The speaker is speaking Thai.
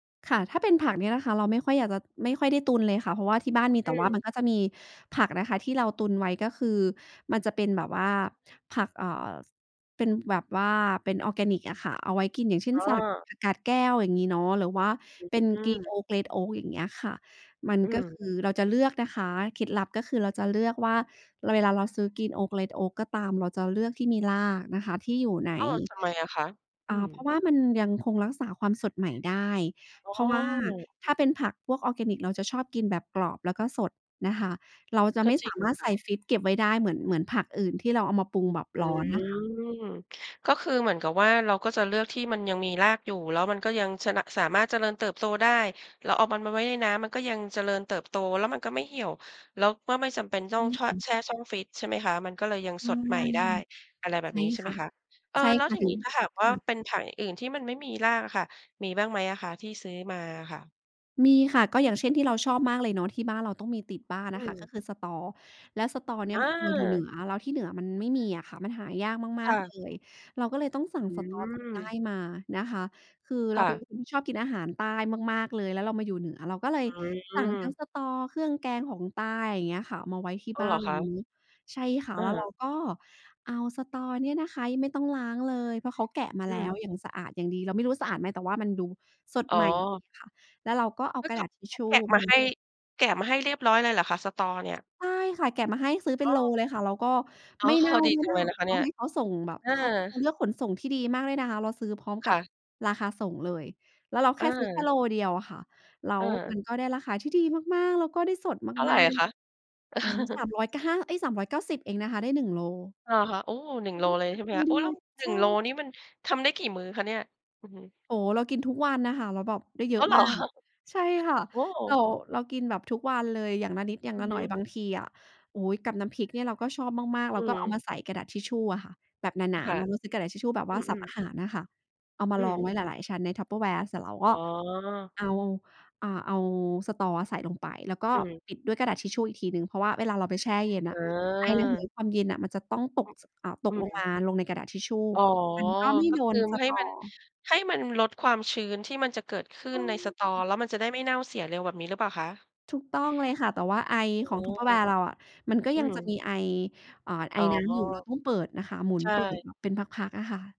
ค่ะ ถ้าเป็นผักเนี่ยนะคะ เราไม่ค่อยอยากจะ ไม่ค่อยได้ตุนเลยค่ะ เพราะว่าที่บ้านมี แอต่ว่ามัือ นก็จะมีผักนะคะ ที่เราตุนไว้ ก็คือมันจะเป็นแบบว่าผัก เอ่อ เป็นแบบว่าเป็นออร์แกนิกอะค่ะ เอาไว้กิน อย่างเช่อน ๋สลัดอ ผักกาดแก้ว อย่างงี้เนาะ หรือว่าอือ เป็นอืกรีนโม อ๊ก เรดโอ๊ก อย่างเงี้ยค่ะ มันอืก็ม คือเราจะเลือกนะคะ เคล็ดลับก็คือ เราจะเลือกว่า เวลาเราซื้อกรีนโอ๊ก เรดโอ๊ก ก็ตาม เราจะเลือกที่มีรากนะคะ ที่อยู่ใน อ้าว ทำไมอะคะ? ออื่า อ เพราะว่ามันยังคงรักษาความสดใหม่ได้ อ๋อ เพราะว่าถ้าเป็นผักพวกออร์แกนิก เราจะชอบกินแบบกรอบ แล้วก็สดนะคะ เราจะก็ไม่จสริงามานระถคใส่ะ ฟรีซเก็บไว้ได้เหมือน เหมือนผักอื่น ที่เราเอามาปรุงแบบอืร้อนน่ะค่ะ อ ก็คือเหมือนกับว่า เราก็จะเลือกที่มันยังมีรากอยู่ แล้วมันก็ยังชนะ สามารถเจริญเติบโตได้ แล้วเอามันมาไว้ในน้ำมันก็ยังเจริญเติบโต แล้วมันก็ไม่เหี่ยว แล้วก็ไม่จำเป็นใชต้อ่ง ช ค่ะ แช่ช่องฟรีซใช่ไหมคะ? มันก็เลยยังใชส่ ดใหม่ได้ อะไรแบใชบ่นี้ใช่คไหม่ะ คะ เอ่อ ใช่แล้คว่ะ ทีถึนีง ้ถ้าหากว่คา่ะ เป็นผักอื่น ๆ ที่มันไม่มีรากอะค่ะ มีบ้างไหมอะคะที่ซื้อมาอะค่ะ? มีค่ะ ก็อย่างเช่น ที่เราชอบมากเลยเนาะ ที่บ้านเราต้องมีติดบ้านออืะค่ะ อ ก็คือสะตอ แล้วสะตอเนี่อยเราอยู่เหนืา อ แล้วที่เหนือมันไม่มีอะค่ะ มันหายากมคา่ก ๆ เละ ย เราก็เลยต้องสั่งอสะตอจากใต้ือ มานะคะ คือเครา่เป็นะ คนที่ชอบกินอาหารใต้มาก ๆ เลย แล้วเรามาอยู่เหนือ เราก็เลยอืสั่งทั้อ งสะตอเครื่องแกงของใต้ อย่างเงี้ยค่ะ มาไว้ที่อ๋อ บ้เหารอนเคละ? ย ใช่ค่ะ อแล้วเา ราก็เอาสะตอเนี่ยนะคะ ยังไม่ต้องล้างเลย เพราะเขาแกะมาอืแล้ว อ อย่างสะอาดอย่างดี เราไม่รู้ว่าสะอาดไหม แต่ว่ามันดูสดอ๋ใอ หม่ดีค่ะ แล้วเราก็เอาคืกอรเะขดา าษทิชเขชาู แกะมาให้ แกะมาให้เรียบร้อยเลยเหรอคะ สะตอเนี่ย? ใช่ค่ะ แกะมาให้ซื้อเป็อ้นอ โลเลยค่ะ แล้วก็อ๋ไอ ม่เน่าดีด้วจยังนเะลยคะ นะคะเเรนาี่ย ให้เขาส่งแบบ เออ เขาเลือกขนส่งที่ดีมากเลยนะคะ เราซื้อพร้อมคกั่บะ ราคาส่งเลย แล้วเราแค่ซื้อแค่เออ โลเดียวอะค่ะ แล้วเออ มันก็ได้ราคาที่ดีมาก ๆ แล้วก็ได้สดเท่าไมราอก ะคะ? ๆ อ๋อ สามร้อยเก้า เอ้ย 390 เองนะคะ ได้ 1 โล อะฮะ โอ้ หนึแ่ลง ้วโลเขาเลแกยะใช่ไหมใหค้ะ? โอด้ ้แวล้ย ว หในชึ่่ ง โลนี่มันทำได้กี่มื้อคะเนี่ย? อือฮึ โอ้ เรากินทุกวันอะค่ะ แล้วแบบได้เยออ้าะว เหรมาอ? กอะ ใช่ค่ะ โอ้ เรา เรากินแบบทุกวันเลย อย่างละนิด อย่างอืลอะหฮน่อึ ยบางทีอะ โอ๊ย กับน้ำพริกเนี่ย เราก็ชอบมาก ๆ เอรืาอก็ฮเอาึ มาใส่กระดาษทิชชูอะค่ะ แบบหนา ค่ๆ ะ เนาะชื้อกระดาษทิชชูแบบอว่ืาซับอ อาๆ หารอะค่ะ เอามอาืรองม ไว้หลาย ๆ ชั้นในทัพเพอร์แวร์เสร็จเรากอ๋็ อ เอา อ่า เอาสะตอใส่ลงไป แล้วก็อือ ปิดด้วยกระดาษทิชชูอีกทีหนึ่ง เพราะว่าเวลาเราไปแช่เย็นอะ ไอระเหยเออ ความเย็นน่ะ มันจะต้องตก อตืกลงมม าลงในกระดาษทิชชู อ๋อ มันก็ไม่ก็โดคืนอสะให้ตมัน อ ให้มันลดความชื้น ที่มันจะเกิดขึ้ในในสะตอ ช่ แล้วมันจะได้ไม่เน่าเสียเร็ว แบบนี้หรือเปล่าคะ? ถูกต้องเลยค่ะ แต่ว่าไออ๋ขออ งทัพเพอร์แวร์เราอะ มันก็อืยังอ จะมีไอ เอ่อ ไออ๋อ น้ำอยู่ เราต้องเปิดนะคะ หมุในชเปิด่ มาเป็นพัก ๆ อะค่ะ